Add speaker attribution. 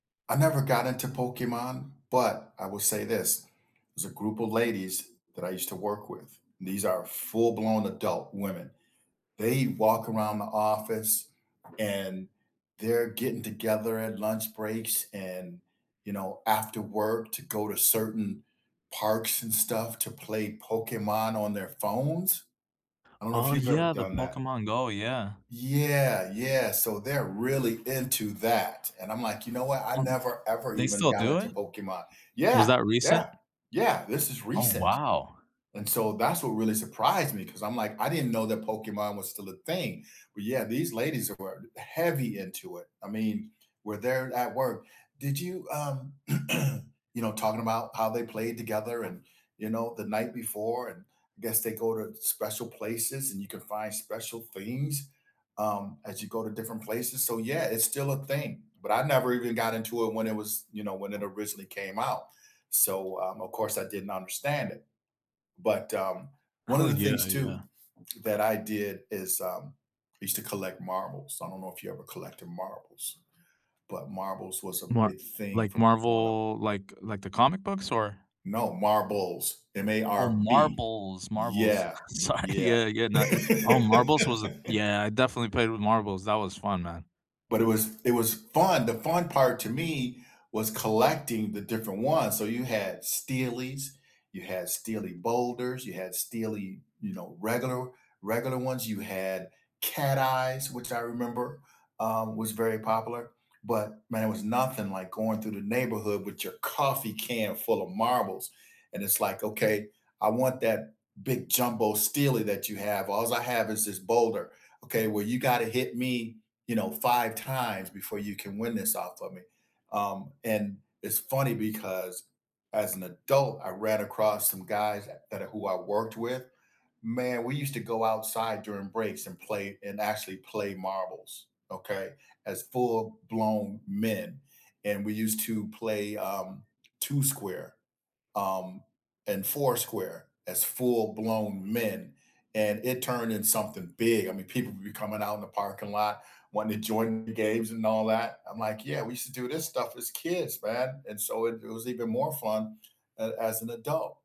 Speaker 1: I never got into Pokemon, but I will say this, there's a group of ladies that I used to work with. These are full blown adult women. They walk around the office and they're getting together at lunch breaks and, you know, after work to go to certain parks and stuff to play Pokemon on their phones. I don't know if
Speaker 2: Oh
Speaker 1: you've ever
Speaker 2: yeah, the
Speaker 1: done that.
Speaker 2: Pokemon Go, yeah.
Speaker 1: Yeah, yeah, so they're really into that, and I'm like, you know what, I
Speaker 2: Um
Speaker 1: never ever
Speaker 2: they
Speaker 1: even
Speaker 2: still
Speaker 1: got
Speaker 2: do
Speaker 1: into
Speaker 2: it?
Speaker 1: Pokemon.
Speaker 2: Was
Speaker 1: Yeah,
Speaker 2: that recent?
Speaker 1: yeah, yeah, this is
Speaker 2: Oh
Speaker 1: recent,
Speaker 2: wow.
Speaker 1: and so that's what really surprised me 'cause I'm like, I didn't know that Pokemon was still a thing, but yeah, these ladies were heavy into it. I mean, were there at work. Did you, um You know, talking about how they played together and, you know, the night before and I guess they go to special places and you can find special things, um, as you go to different places so yeah, it's still a thing, but I never even got into it when it was, you know, when it originally came out. So, um, of course I didn't understand it. But um one
Speaker 2: Oh
Speaker 1: of the
Speaker 2: yeah,
Speaker 1: things too
Speaker 2: yeah.
Speaker 1: that I did is, um, I used to collect marbles. I don't know if you ever collected marbles, but marbles was a
Speaker 2: Mar
Speaker 1: big thing
Speaker 2: like,
Speaker 1: for me growing up.
Speaker 2: Marvel, like like the comic books or?
Speaker 1: No, marbles, M A
Speaker 2: Oh,
Speaker 1: R B.
Speaker 2: marbles, marbles,
Speaker 1: Yeah,
Speaker 2: sorry,
Speaker 1: yeah.
Speaker 2: yeah, yeah, not oh, marbles was a yeah, I definitely played with marbles, that was fun, man.
Speaker 1: But it was it was fun the fun part to me was collecting the different ones, so you had steelies, you had steely boulders, you had steely, you know, regular regular ones, you had cat eyes, which I remember, um, was very popular. But man, it was nothing like going through the neighborhood with your coffee can full of marbles, and it's like, "Okay, I want that big jumbo steely that you have alls I have is this boulder, okay, where you gotta hit me, you know, 5 times before you can win this off of me." Um, and it's funny because as an adult, I ran across some guys that are who I worked with, man, we used to go outside during breaks and play and actually play marbles, okay, as full blown men, and we used to play, um, Two Square, um, and Four Square as full blown men, and it turned in something big I mean, people would be coming out in the parking lot, wanting to join the games and all that. I'm like, yeah, we used to do this stuff as kids, man, and so it it was even more fun a as an adult.